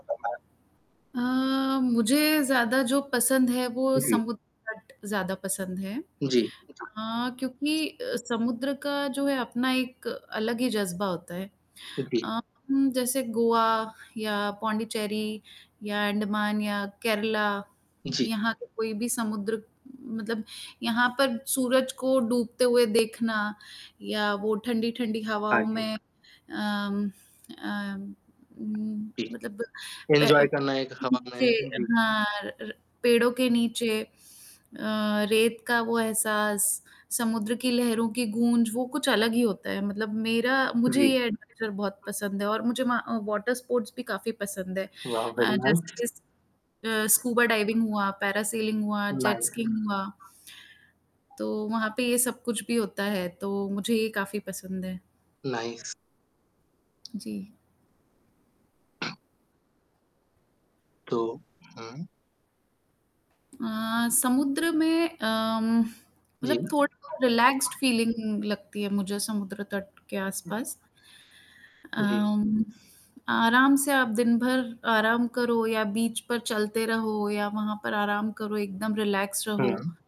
अ, मुझे ज़्यादा जो पसंद है वो जी। समुद्र तट ज़्यादा पसंद है जी। अ, क्योंकि अ, समुद्र का जो है अपना एक अलग ही जज़्बा होता है ओके। अ, जैसे गोवा या पोंडिचेरी या अंडमान या केरला उ, जी। यहाँ के कोई भी समुद्र मतलब यहाँ पर सूरज को डूबते हुए देखना, या वो ठंडी-ठंडी हाँ हवाओं जी। में अम अम, उम, जी। मतलब पै एन्जॉय करना है एक नीचे हमें जी। हाँ, पेड़ों के नीचे अ, रेत का वो एहसास समुद्र की लहरों की गूंज वो कुछ अलग ही होता है मतलब मेरा मुझे जी। ये एडवेंचर बहुत पसंद है और मुझे मा वहाँ वॉटर स्पोर्ट्स भी काफ़ी पसंद है वाओ वेरी अ, जैसे नाइस। कि स स्कूबा डाइविंग हुआ, पैरासेलिंग हुआ जेट नाइस। स्कीइंग हुआ। तो वहाँ पे ये सब कुछ भी होता, है तो मुझे ये काफ़ी पसंद है। नाइस। जी। तो हुँ। अ, समुद्र में अम, जी। मतलब थोड़ा रिलैक्स्ड फ़ीलिंग लगती है मुझे समुद्र तट के आसपास। हुँ, जी। अम, आराम से आप दिनभर आराम करो या बीच पर चलते रहो या वहाँ पर आराम करो एकदम रिलैक्स रहो। हुँ।